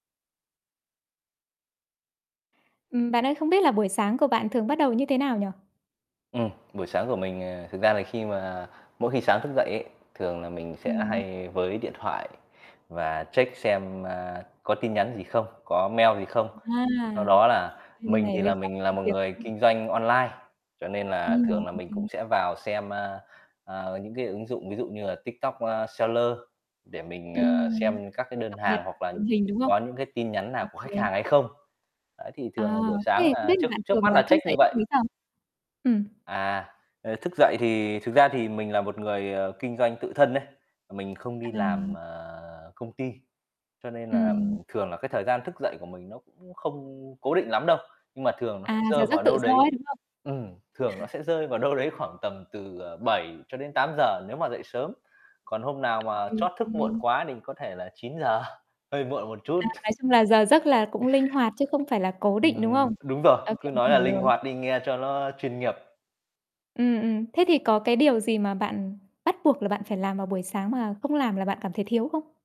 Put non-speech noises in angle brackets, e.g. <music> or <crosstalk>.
Ừm, bạn ơi, không biết là buổi sáng của bạn thường bắt đầu như thế nào nhỉ? Ừm, buổi sáng của mình, ờ, thực ra là khi mà mỗi khi sáng thức dậy ấy, thường là mình sẽ Ừm. hay vớ lấy điện thoại và check xem, a, có tin nhắn gì không, có mail gì không. À, Sau đó là Bên mình này thì liên là quan mình đến là công một việc, đúng người không? kinh doanh online, cho nên là thường Ừm, là mình cũng OK. sẽ vào xem, a, à, những cái ứng dụng ví dụ như là TikTok Seller để mình, à, Ừm, xem các cái đơn cập nhật hàng hoặc là tình hình, đúng không? có những cái tin nhắn nào của khách OK. hàng hay không. Đấy, thì Ờ, thường là buổi thế sáng thì không biết là là trước bạn trước mắt thường là là thức check như dậy lúc vậy. mấy giờ? Ừm. À, ờ, thức dậy thì thực ra thì mình là một người, ờ, kinh doanh tự thân ấy, mình không đi làm, À. à, công ty, cho nên là Ừm. thường là cái thời gian thức dậy của mình nó cũng không cố định lắm đâu. Nhưng mà thường nó À, sẽ giờ rơi giấc vào tự đâu do đấy ấy, đúng không? ừm, thường nó sẽ <chuckles> rơi vào đâu đấy khoảng tầm từ, ờ, 7 cho đến 8:00 nếu mà dậy sớm. Còn hôm nào p Ô mà kê, ô trót thức muộn kê. quá mình có thể là 9:00, hơi muộn một chút. À, nói chung là giờ giấc là cũng linh hoạt chứ không phải là cố định, đúng không? Ừm, đúng rồi, OK, cứ mình nói là hiểu linh rồi. hoạt đi nghe cho ló chuyên nghiệp. Ừm, ừm. Thế thì có cái điều gì mà bạn bắt buộc là bạn phải làm vào buổi sáng mà không làm là bạn cảm thấy thiếu không?